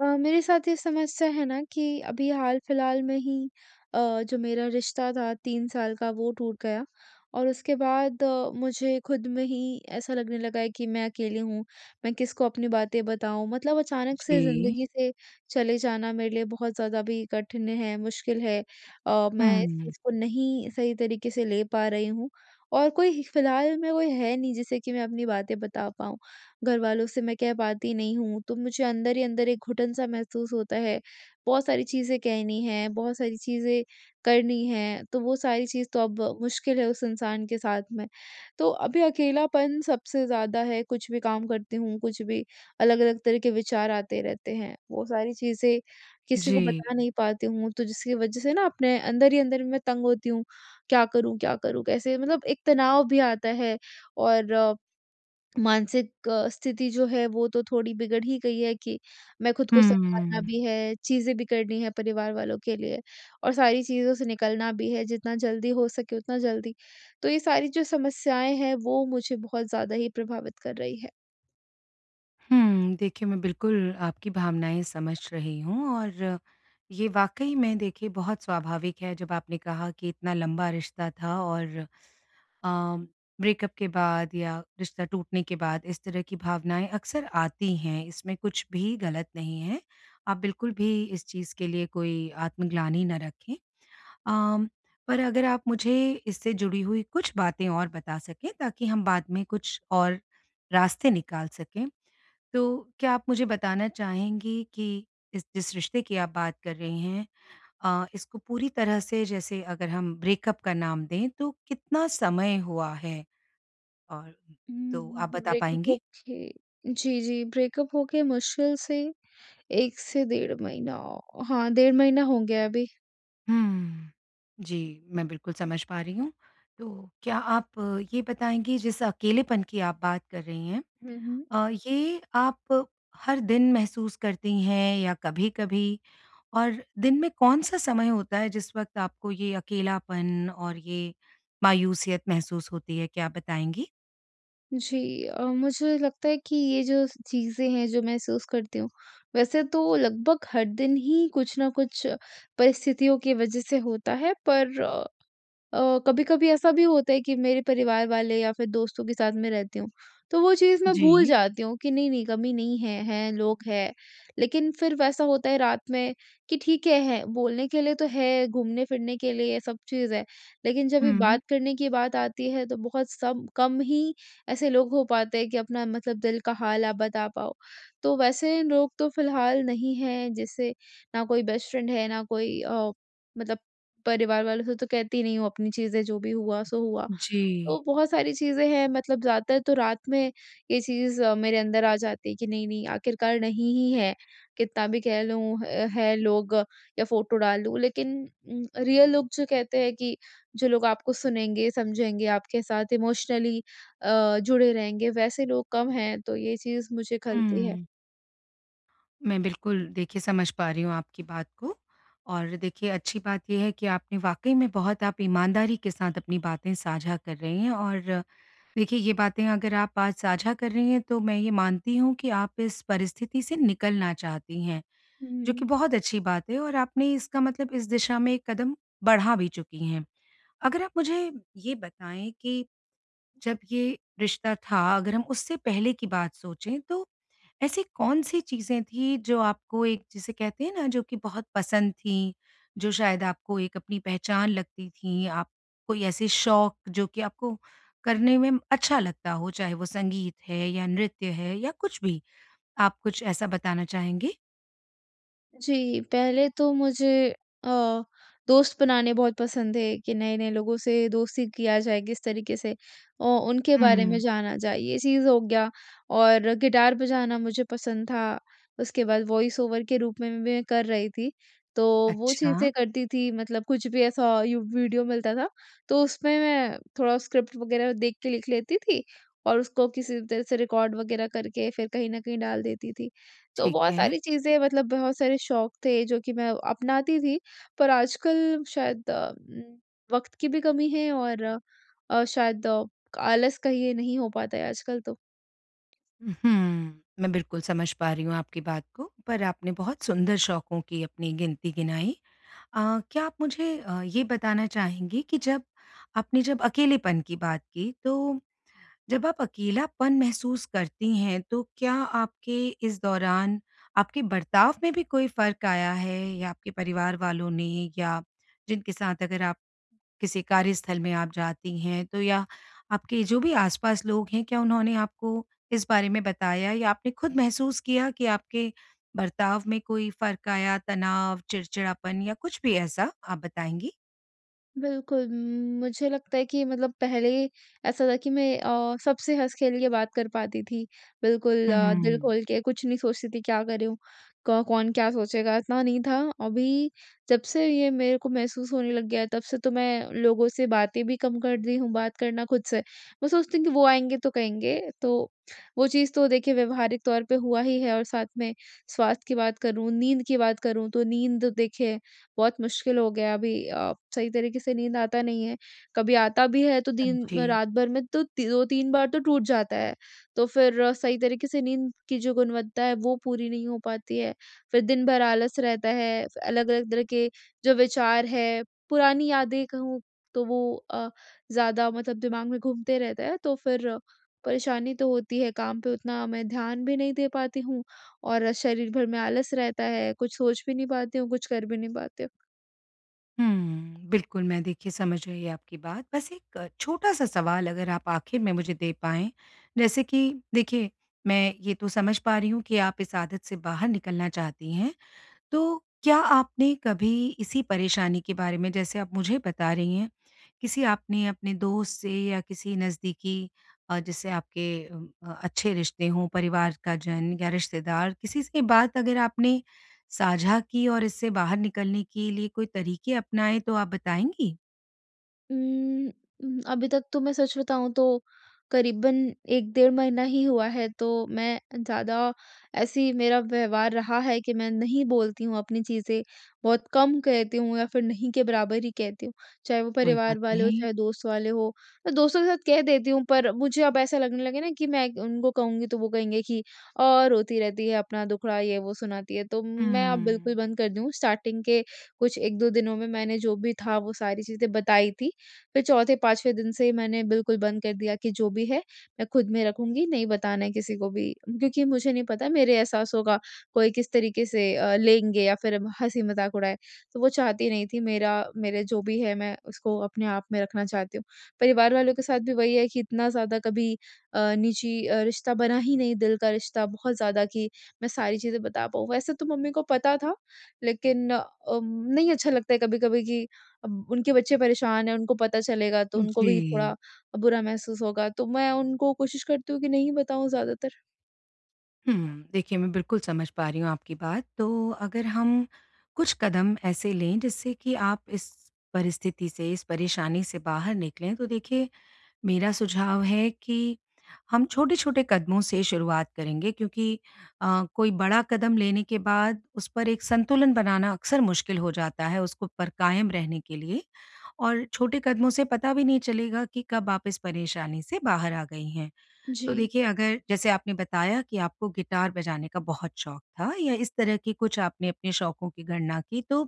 अ, मेरे साथ ये समस्या है ना कि अभी हाल-फिलहाल में ही अ, जो मेरा रिश्ता था 3 साल का वो टूट गया। और उसके बाद मुझे ख़ुद में ही ऐसा लगने लगा है कि मैं अकेली हूँ, मैं किसको अपनी बातें बताऊँ? मतलब अचानक से जी। ज़िंदगी से चले जाना मेरे लिए बहुत ज़्यादा भी कठिन है, मुश्किल है। और मैं इस हुँ। इसको नहीं सही तरीके से ले पा रही हूँ। और कोई फिलहाल में कोई है नहीं जिसे कि मैं अपनी बातें बता पाऊँ। घरवालों से मैं कह पाती नहीं हूँ, तो मुझे अंदर ही अंदर एक घुटन सा महसूस होता है। बहुत सारी चीज़ें कहनी है, बहुत सारी चीज़ें करनी हैं, तो वो सारी चीज़ तो अब मुश्किल है उस इंसान के साथ में। तो अभी अकेलापन सबसे ज़्यादा है, कुछ भी काम करती हूँ, कुछ भी अलग-अलग तरह के विचार आते रहते हैं। वो सारी चीज़ें किसी को जी। बता नहीं पाती हूँ, तो जिसकी वजह से ना अपने अंदर ही अंदर मैं तंग होती हूँ, क्या करूँ? क्या करूँ? कैसे? मतलब एक तनाव भी आता है। और मानसिक स्थिति जो है वो तो थोड़ी बिगड़ ही गई है कि मैं ख़ुद को संभालना हुँ। भी है, चीज़ें भी करनी है परिवार वालों के लिए और सारी चीज़ों से निकलना भी है, जितना जल्दी हो सके उतना जल्दी। तो ये सारी जो समस्याएँ हैं, वो मुझे बहुत ज़्यादा ही प्रभावित कर रही है। हुँ, देखिए, मैं बिल्कुल आपकी भावनाएँ समझ रही हूँ और ये वाक़ई में देखिए, बहुत स्वाभाविक है, जब आपने कहा कि इतना लंबा रिश्ता था और अ, ब्रेकअप के बाद या रिश्ता टूटने के बाद इस तरह की भावनाएँ अक्सर आती हैं, इसमें कुछ भी ग़लत नहीं है। आप बिल्कुल भी इस चीज़ के लिए कोई आत्मग्लानि ना रखें। अ, पर अगर आप मुझे इससे जुड़ी हुई कुछ बातें और बता सकें, ताकि हम बाद में कुछ और रास्ते निकाल सकें, तो क्या आप मुझे बताना चाहेंगी कि इस जिस रिश्ते की आप बात कर रही हैं अ, इसको पूरी तरह से जैसे अगर हम ब्रेकअप का नाम दें, तो कितना समय हुआ है? और हुँ, तो आप हुँ। बता ब्रेकअप पाएँगी? होके जी, जी। ब्रेकअप होके मुश्किल से 1 से डेढ़ महीना हाँ, डेढ़ महीना हो गया है अभी। हुँ। जी, मैं बिल्कुल समझ पा रही हूँ। तो क्या आप ये बताएँगी, जिस अकेलेपन की आप बात कर रही हैं हुँ, हुँ। अ, ये आप हर दिन महसूस करती हैं या कभी-कभी और दिन में कौन-सा समय होता है, जिस वक़्त आपको ये अकेलापन और ये मायूसियत महसूस होती है? क्या आप बताएँगी? जी। अ, मुझे लगता है कि ये जो स चीज़ें हैं जो महसूस करती हूँ, वैसे तो लगभग हर दिन ही कुछ न कुछ परिस्थितियों की वजह से होता है पर अ अ, कभी-कभी ऐसा भी होता है कि मेरे परिवार वाले या फिर दोस्तों के साथ में रहती हूँ। तो वो चीज़ मैं भूल जी। जाती हूँ कि नहीं-नहीं कमी नहीं है, हैं लोग हैं। लेकिन फिर वैसा होता है रात में कि ठीक है, है। बोलने के लिए तो है घूमने फिरने के लिए सब चीज़ है, लेकिन जब भी हुँ। बात करने की बात आती है तो बहुत सब कम ही ऐसे लोग हो पाते कि अपना मतलब दिल का हाल आप बता पाओ। तो वैसे लोग तो फिलहाल नहीं हैं जैसे ना कोई बेस्ट फ्रेंड है, ना कोई अ, मतलब परिवार वालों से तो कहती नहीं हूँ अपनी चीज़ें जो भी हुआ सो हुआ। जी। तो बहुत सारी चीज़ें हैं मतलब ज़्यादातर तो रात में ये चीज़ मेरे अंदर आ जाती कि नहीं-नहीं आखिरकार नहीं ही है, कितना भी कह लूँ अ, है लोग या फोटो डालूँ लेकिन उम, रियल लोग जो कहते हैं कि जो लोग आपको सुनेंगे, समझेंगे आपके साथ इमोशनली अ, जुड़े रहेंगे, वैसे लोग कम हैं तो ये चीज़ मुझे ख़लती है। हुँ। मैं बिल्कुल देखिए समझ पा रही हूँ आपकी बात को। और देखिए, अच्छी बात ये है कि आपने वाक़ई में बहुत आप ईमानदारी के साथ अपनी बातें साझा कर रही हैं। और देखिए ये बातें अगर आप आज साझा कर रही हैं तो मैं ये मानती हूँ कि आप इस परिस्थिति से निकलना चाहती हैं, हुँ, जो हुँ। कि बहुत अच्छी बात है और आपने इसका मतलब इस दिशा में एक कदम बढ़ा भी चुकी हैं। अगर आप मुझे ये बताएँ कि, जब ये रिश्ता था अगर हम उससे पहले की बात सोचें तो ऐसी कौन-सी चीज़ें थीं, जो आपको एक जिसे कहते हैं ना जो कि बहुत पसंद थीं, जो शायद आपको एक अपनी पहचान लगती थीं? आप कोई ऐसे शौक जो कि आपको करने में अच्छा लगता हो, चाहे वो संगीत है या नृत्य है या कुछ भी, आप कुछ ऐसा बताना चाहेंगी? जी, पहले तो मुझे अ, दोस्त बनाने बहुत पसंद थे, कि नए-नए लोगों से दोस्ती किया जाए किसी तरीके से औ उनके बारे में हुँ। जाना जाए, ये चीज़ हो गया और गिटार बजाना मुझे पसंद था। उसके बाद वॉइस ओवर के रूप में भी मैं कर रही थी। तो वो अच्छा। चीज़ें करती थी मतलब कुछ भी ऐसा यूँ वीडियो मिलता था, तो उसमें मैं थोड़ा स्क्रिप्ट वग़ैरह देख के लिख लेती थी और उसको किसी भी तरह से रिकॉर्ड वग़ैरह करके, फिर कहीं न कहीं डाल देती थी। तो ठीक बहुत है। सारी चीज़ें मतलब बहुत सारे शौक थे, जो कि मैं अपनाती थी, पर आजकल शायद उम, वक़्त की भी कमी है और अ, शायद क आलस का ये नहीं हो पाता है आजकल तो। उ, हुँ। मैं बिल्कुल समझ पा रही हूँ आपकी बात को। पर आपने बहुत सुंदर शौकों की अपनी गिनती गिनाई। अ, क्या आप मुझे अ, ये बताना चाहेंगी कि जब आपने जब अकेलेपन की बात की, तो जब आप अकेलापन महसूस करती हैं। तो क्या आपके इस दौरान आपके बर्ताव में भी कोई फ़र्क आया है या आपके परिवार वालों ने या जिनके साथ अगर आप, किसी कार्यस्थल में आप जाती हैं, तो या आपके जो भी आसपास लोग हैं, क्या उन्होंने आपको इस बारे में बताया या आपने खुद महसूस किया कि आपके बर्ताव में कोई फ़र्क आया, तनाव, चिड़चिड़ापन या कुछ भी ऐसा? आप बताएँगी? बिल्कुल। उम, मुझे लगता है कि मतलब पहले ऐसा था कि मैं अ, सबसे हँस-खेल के बात कर पाती थी, बिल्कुल हुँ, अ, हुँ, दिल हुँ। खोल के कुछ नहीं सोचती थी क्या कर रहीं हूँ, क कौन क्या सोचेगा? इतना नहीं था, अभी जब से ये मेरे को महसूस होने लग गया है तब से तो मैं लोगों से बातें भी कम कर दी हूँ बात करना खुद से। मैं सोचती हूँ कि वो आएँगे तो कहेंगे तो वो चीज़ तो देखिए व्यवहारिक तौर पे हुआ ही है और साथ में स्वास्थ्य की बात करूँ, नींद की बात करूँ तो नींद देखिए बहुत मुश्किल हो गया है अभी। अ, सही तरीके से नींद आता नहीं है कभी आता भी है तो दिन समझी। रात भर में तो ती 2-3 बार तो टूट जाता है। तो फ़िर सही तरीके से नींद की जो गुणवत्ता है वो पूरी नहीं हो पाती है। फ़िर दिन भर आलस रहता है, अलग-अलग तरह के जो विचार हैं, पुरानी यादें कहूँ तो वो अ, ज़्यादा मतलब दिमाग में घूमते रहता है। तो फ़िर परेशानी तो होती है, काम पे उतना मैं ध्यान भी नहीं दे पाती हूँ और शरीर भर में आलस रहता है, कुछ सोच भी नहीं पाती हूँ, कुछ कर भी नहीं पाते। हुँ, बिल्कुल मैं देखिए समझ गई आपकी बात। बस एक छोटा-सा सवाल अगर आप आखिर में मुझे दे पाएँ। जैसे कि देखिए मैं ये तो समझ पा रही हूँ कि आप इस आदत से बाहर निकलना चाहती हैं। तो क्या आपने कभी इसी परेशानी के बारे में जैसे आप मुझे बता रहीं हैं किसी आपने अपने दोस्त से या किसी नज़दीकी अ, जिससे आपके अ, अच्छे रिश्ते हों परिवार का जन या रिश्तेदार किसी से बात अगर आपने साझा की और इससे बाहर निकलने के लिए कोई तरीके अपनाएँ तो आप बताएँगी? उम्म, उम, अभी तक तो मैं सच बताऊँ तो करीबन 1 डेढ़ महीना ही हुआ है तो मैं ज़्यादा ऐसी मेरा व्यवहार रहा है कि मैं नहीं बोलती हूँ अपनी चीज़ें। बहुत कम कहती हूँ या फ़िर नहीं के बराबर ही कहती हूँ। चाहे वो कोई परिवार बात वाले हों नहीं। चाहे दोस्त वाले हों। मैं दोस्तों के साथ कह देती हूँ पर मुझे अब ऐसा लगने लगे ना कि मैं उनको कहूँगी तो वो कहेंगे कि औ रोती रहती है अपना दुखड़ा ये वो सुनाती है। तो मैं अब बिल्कुल हम्म। बंद कर दूँ। स्टार्टिंग के कुछ 1-2 दिनों में मैंने जो भी था वो सारी चीजें बताई थी फ़िर चौथे-पाँचवें दिन से मैंने बिल्कुल बंद कर दिया कि जो भी है मैं ख़ुद में रखूँगी नहीं बताना किसी को भी क्योंकि मुझे नहीं पता मेरे एहसासों का कोई किस तरीके से अ, लेंगे या फ़िर हँसी-मज़ाक उड़ाए। तो वो चाहती नहीं थी मेरा मेरे जो भी है मैं उसको अपने आप में रखना चाहती हूँ। परिवार वालों के साथ भी वही है कि इतना ज़्यादा कभी अ, निजी अ, रिश्ता बना ही नहीं दिल का रिश्ता बहुत ज़्यादा कि मैं सारी चीज़ें बता पाऊँ। वैसे तो मम्मी को पता था लेकिन अ, नहीं अच्छा लगता कभी-कभी कि अब उनके बच्चे परेशान हैं उनको पता चलेगा तो उनको भी थोड़ा जी। अ, बुरा महसूस होगा। तो मैं उनको कोशिश करती हूँ कि नहीं बताऊँ ज़्यादातर। हुँ, देखिए मैं बिल्कुल समझ पा रही हूँ आपकी बात, तो अगर हम कुछ कदम ऐसे लें जिससे कि आप इस परिस्थिति से, इस परेशानी से बाहर निकलें तो देखिए मेरा सुझाव है कि हम छोटे-छोटे कदमों से शुरुआत करेंगे क्योंकि अ, कोई बड़ा कदम लेने के बाद उस पर एक संतुलन बनाना अक्सर मुश्किल हो जाता है उसको पर कायम रहने के लिए। और छोटे कदमों से पता भी नहीं चलेगा कि कब आप इस परेशानी से बाहर आ गई हैं। तो जी। देखिए अगर जैसे आपने बताया कि आपको गिटार बजाने का बहुत शौक था या इस तरह की कुछ आपने अपने शौकों की गणना की तो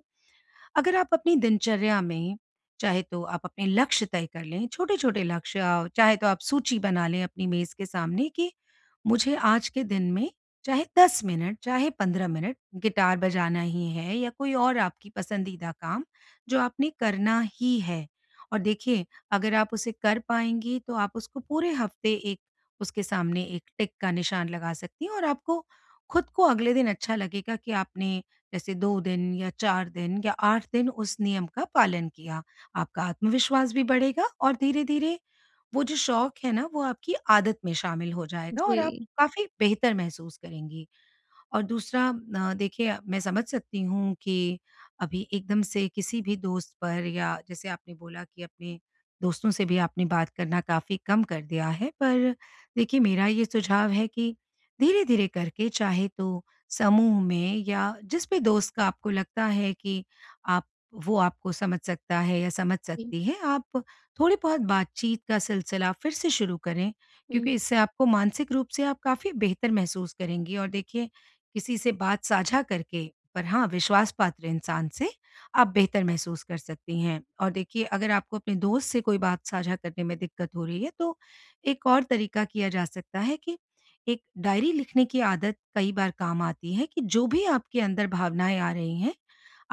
अगर आप अपनी दिनचर्या में, चाहे तो आप अपने लक्ष्य तय कर लें, छोटे-छोटे लक्ष्य चाहे तो आप सूची बना लें अपनी मेज़ के सामने कि मुझे आज के दिन में चाहे 10 मिनट, चाहे 15 मिनट गिटार बजाना ही है या कोई और आपकी पसंदीदा काम जो आपने करना ही है और देखिए अगर आप उसे कर पाएँगी तो आप उसको पूरे हफ्ते एक उसके सामने एक टिक का निशान लगा सकती हैं और आपको ख़ुद को अगले दिन अच्छा लगेगा कि आपने जैसे 2 दिन या 4 दिन या 8 दिन उस नियम का पालन किया। आपका आत्मविश्वास भी बढ़ेगा और धीरे-धीरे वो जो शौक है ना वो आपकी आदत में शामिल हो जाएगा और आप जी। काफ़ी बेहतर महसूस करेंगी। और दूसरा अ, देखिए मैं समझ सकती हूँ कि अभी एकदम से किसी भी दोस्त पर या जैसे आपने बोला कि अपने दोस्तों से भी आपने बात करना काफ़ी कम कर दिया है पर देखिए मेरा ये सुझाव है कि धीरे-धीरे करके चाहे तो समूह में या जिस भी दोस्त का आपको लगता है कि आप वो आपको समझ सकता है या समझ जी। सकती है आप थोड़ी बहुत बातचीत का सिलसिला फिर से शुरू करें। हुँ। क्योंकि इससे आपको मानसिक रूप से आप काफ़ी बेहतर महसूस करेंगी और देखिए किसी से बात साझा करके पर हाँ, विश्वास पात्र इंसान से आप बेहतर महसूस कर सकती हैं। और देखिए अगर आपको अपने दोस्त से कोई बात साझा करने में दिक्कत हो रही है तो एक और तरीका किया जा सकता है कि एक डायरी लिखने की आदत कई बार काम आती है कि जो भी आपके अंदर भावनाएँ आ रही हैं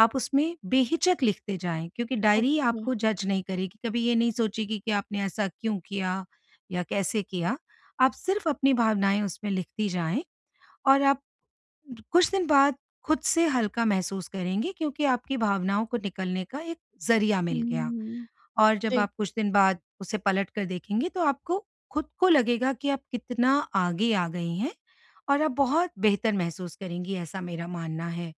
आप उसमें बेहिचक लिखते जाएँ, क्योंकि डायरी आपको अच्छा। जज़ नहीं करेगी, कभी ये नहीं सोचेगी कि आपने ऐसा क्यों किया? या कैसे किया? आप सिर्फ़ अपनी भावनाएँ उसमें लिखती जाएँ और आप कुछ दिन बाद ख़ुद से हल्का महसूस करेंगी क्योंकि आपकी भावनाओं को निकलने का एक ज़रिया मिल गया। हुँ। और जब जी। आप कुछ दिन बाद उसे पलट कर देखेंगी तो आपको ख़ुद को लगेगा कि आप कितना आगे आ गई हैं और आप बहुत बेहतर महसूस करेंगी ऐसा मेरा मानना है।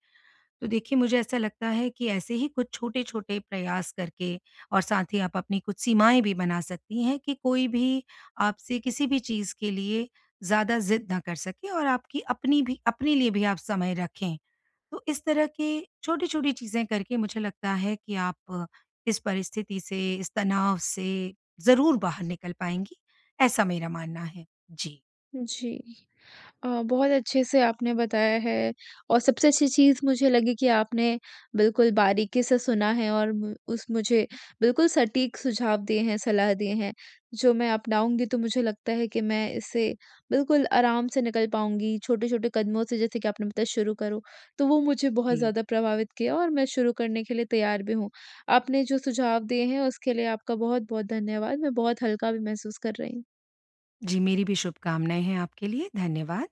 तो देखिए मुझे ऐसा लगता है कि ऐसे ही कुछ छोटे-छोटे प्रयास करके और साथ ही आप अपनी कुछ सीमाएँ भी बना सकती हैं कि कोई भी आपसे किसी भी चीज़ के लिए ज़्यादा ज़िद ना कर सके और आपकी अपनी भी अपने लिए भी आप समय रखें। तो इस तरह की छोटी-छोटी चीज़ें करके मुझे लगता है कि आप इस परिस्थिति से, इस तनाव से ज़रूर बाहर निकल पाएँगी, ऐसा मेरा मानना है। जी। जी। अ, बहुत अच्छे से आपने बताया है और सबसे अच्छी चीज़ मुझे लगी कि आपने बिल्कुल बारीकी से सुना है और उस मुझे बिल्कुल सटीक सुझाव दिए हैं, सलाह दिए हैं। जो मैं अपनाऊँगी तो मुझे लगता है कि मैं इससे बिल्कुल आराम से निकल पाऊँगी छोटे-छोटे कदमों से जैसे कि आपने बताया कि शुरू करो, तो वो मुझे बहुत जी। ज़्यादा प्रभावित किया और मैं शुरू करने के लिए तैयार भी हूँ। आपने जो सुझाव दिए हैं उसके लिए आपका बहुत-बहुत धन्यवाद मैं बहुत हल्का भी महसूस कर रही। जी, मेरी भी शुभकामनाएँ हैं आपके लिए। धन्यवाद।